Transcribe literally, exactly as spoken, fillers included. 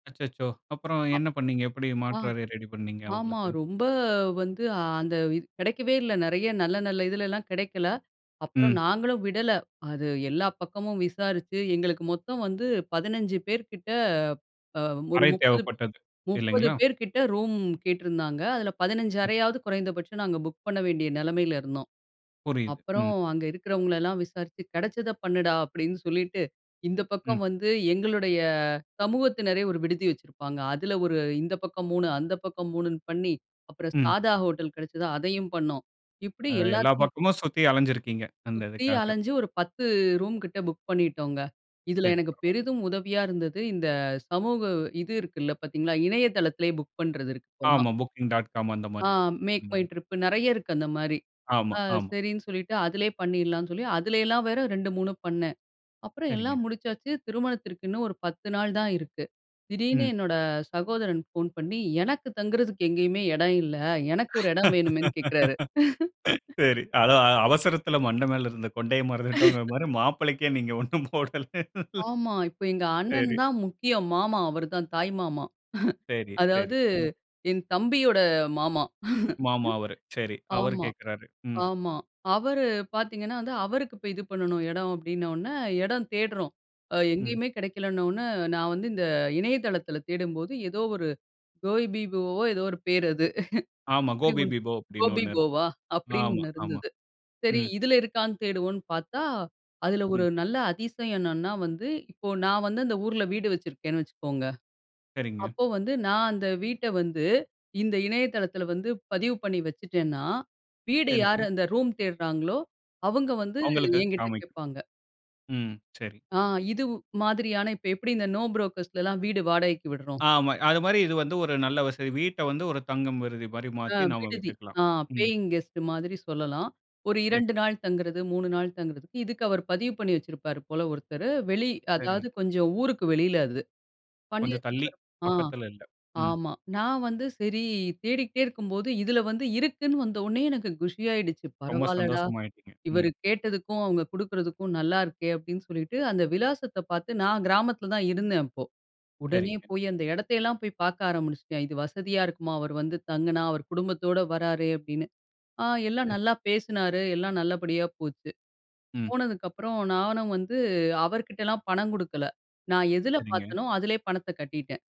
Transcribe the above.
அச்சச்சோ! அப்புறம் அ என்ன பண்ணீங்க? எப்படி ஆ மாற்று அறை ரெடி பண்ணீங்க, ஆமா. அவங்களுக்கு? ரொம்ப வந்து அந்த இ கிடைக்கவே இல்ல, நெறைய நல்ல நல்ல இதுலல்லாம் கிடைக்கல. அப்புறம் ம். நாங்களும் விடல. அது எல்லா பக்கமும் விசாரிச்சு, எங்களுக்கு மொத்தம் வந்து பதினஞ்சு பேர் கிட்ட, அ ஒரு அறை முப்பது தேவைப்பட்டது. முப்பது இல்லைங்களா? பேர் கிட்ட ரூம் கேட்டிருந்தாங்க, அதுல பதினஞ்சு ம். அறையாவது குறைந்தபட்சம் நாங்க புக் பண்ண வேண்டிய நிலைமையில இருந்தோம். புரியுது. அப்புறம், ம். அங்க இருக்கிறவங்களயெல்லாம் விசாரிச்சு, "கிடைச்சத பண்ணுடா." அப்படின்னு சொல்லிட்டு, இந்த பக்கம் ம். வந்து எங்களுடைய சமூகத்தினரே ஒரு விடுதி வைச்சிருப்பாங்க. அதுல ஒரு இந்த பக்கம் மூணு, அந்த பக்கம் மூணுன்னு பண்ணி, அப்புறம் ம். சாதா ஹோட்டல் கிடைச்சது அதையும் பண்ணோம். இப்படி அ எல்லா எல்லாத்தி பக்கமும் சுத்தி அலைஞ்சிருக்கிங்க, அந்த சுத்தி இதுக்காக. அலஞ்சு, ஒரு பத்து ரூம் கிட்ட புக் பண்ணிட்டோங்க. இதில சரி, எனக்கு பரவால்ல. பெரிதும் உதவியா இருந்தது, இந்த சமூக இது இருக்குல்ல, பாத்தீங்களா? இணையதளத்திலேயே புக் பண்றது இருக்கு இப்பெல்லாம். ஆமா, Booking.com அந்த ஆ மாதிரி. அந்த MakeMyTrip நெறைய இருக்கு, அந்த மாதிரி. ஆமா, அ ஆமா. சரின்னு சொல்லிட்டு அதிலயே பண்ணிறலாம்ன்னு சொல்லி, அதுல எல்லாம் வேற ரெண்டு, மூணு பண்ணேன். அப்புறம் சரிங்க. எல்லாம் முடிச்சாச்சு, திருமணத்திற்கு இன்னும் ஒரு பத்து நாள் தான் இருக்கு. திடீர்னு ம். என்னோட சகோதரன் ஃபோன் பண்ணி, எனக்கு தங்கறதுக்கு எங்கேயுமே இடம் இல்ல, எனக்கு ஒரு இடம் வேணுமேன்னு கேக்குறாரு. சரி. அதா அ அவசரத்துல மண்டை மேல இருந்த கொண்டைய மறந்துட்டோம்ங்கற மாதிரி, மாப்பிள்ளைக்கே நீங்க ஒண்ணும் போடல. ஆமா. இப்போ எங்க அண்ணன் சரி. தான் முக்கியம். மாமா. அவர் தான் தாய் மாமா. சரி, சரி. அதாவது ம். என் தம்பியோட மாமா. மாமா அவரு. சரி. அவரு ஆமா, கேக்கறாரு. ம். ஆமா. அவரு பாத்தீங்கன்னா வந்து அவருக்கு இப்போ இது பண்ணணும் இடம் அப்படினோன்னே, இடம் தேடுறோம். அ ம். எங்கேயுமே கிடைக்கலனோன்னே, நான் வந்து இந்த இணையதளத்தில தேடும்போது, ஏதோ ஒரு Goibiboவோ ஏதோ ஒரு பேர் அது. ஆமா, அப்படி ஒண்ணு கோபிபிபோ அப்படீன்னு ஒண்ணு இருக்கும். கோபிபோவா? அப்பிடின்னு ஆமா, ஒண்ணு ஆமா. இருந்தது. சரி, ம். இதில இருக்கான்னு தேடுவோம்ன்னு பாத்தா, அதில ம். ஒரு நல்ல அதிசயம் என்னன்னா வந்து, இப்போ நான் வந்து அந்த ஊரில வீடு வச்சிருக்கேன்னு வச்சுக்கோங்க. சரிங்க. அப்போ வந்து, நான் அந்த வீட்ட வந்து இந்த இணையதளத்தில வந்து பதிவு பண்ணி வச்சுட்டேன்னா வீடு சரிங்க. யாரு அந்த ரூம் தேடுறாங்களோ, அவங்க வந்து அவங்களுக்கு என்கிட்ட காமிக்கும் கேட்பாங்க. ம், சரி. ஆ இதுவு மாதிரியான, இப்ப எப்படி இந்த நோ புரோக்கர்ஸ்லல்லாம் வீடு வாடகைக்கு விடுறோம் ஆமா. அது மாதிரி இது வந்து ஒரு நல்ல வசதி. வீட்ட வந்து ஒரு தங்கும் விருதி மாதிரி ஆ மாத்தி, நாம விடுதி. விட்டுக்கலாம். ஆ ம். பேயிங் கெஸ்ட் மாதிரி சொல்லல்லாம். ஒரு சரி. இரண்டு நாள் தங்கறது, மூணு நாள் தங்கறதுக்கு இதுக்கு அவர் பதிவு பண்ணி வச்சிருப்பார் போல ஒருத்தர். வெளி சரிங்க. அதாவது கொஞ்சம் ஊருக்கு வெளியில அது. பண்ணி கொஞ்சம் தள்ளி, வச்சிருப்பாரு ஆ. பக்கத்துல இல்ல. ம். ஆமா. நான் வந்து, சரி தேடிக்கிட்டே இருக்கும்போது இதில வந்து இருக்குன்னு வந்தவுன்னே எனக்கு குஷியாடுச்சு, ரொம்ப "பரவாயில்லடா, சந்தோசமாயிட்டீங்க. இவர் ம். கேட்டதுக்கும் அவங்க கொடுக்குறதுக்கும் நல்லா இருக்கே!" அப்பிடின்னு சொல்லிட்டு, அந்த விலாசத்த பாத்து நான் கிராமத்தில தான் இருந்தேன், அப்போ. உடனே சரிங்க. போய் அந்த இடத்தையெல்லாம் போய் பாக்க ஆரம்பினுச்சுட்டேன். "இது வசதியா இருக்குமா, அவரு வந்து தங்குனா? அவரு குடும்பத்தோட வராரு." அப்பிடின்னு. ஆ எல்லாம் சரி. நல்லா பேசினாரு, எல்லாம் நல்லபடியா போச்சு. ம். போனதுக்கப்புறம் நானும் வந்து, அவர் கிட்டலாம் பணம் கொடுக்கல. நான் எதில சரிங்க. பாத்தனோ அதுலயே பணத்த கட்டிட்டேன்.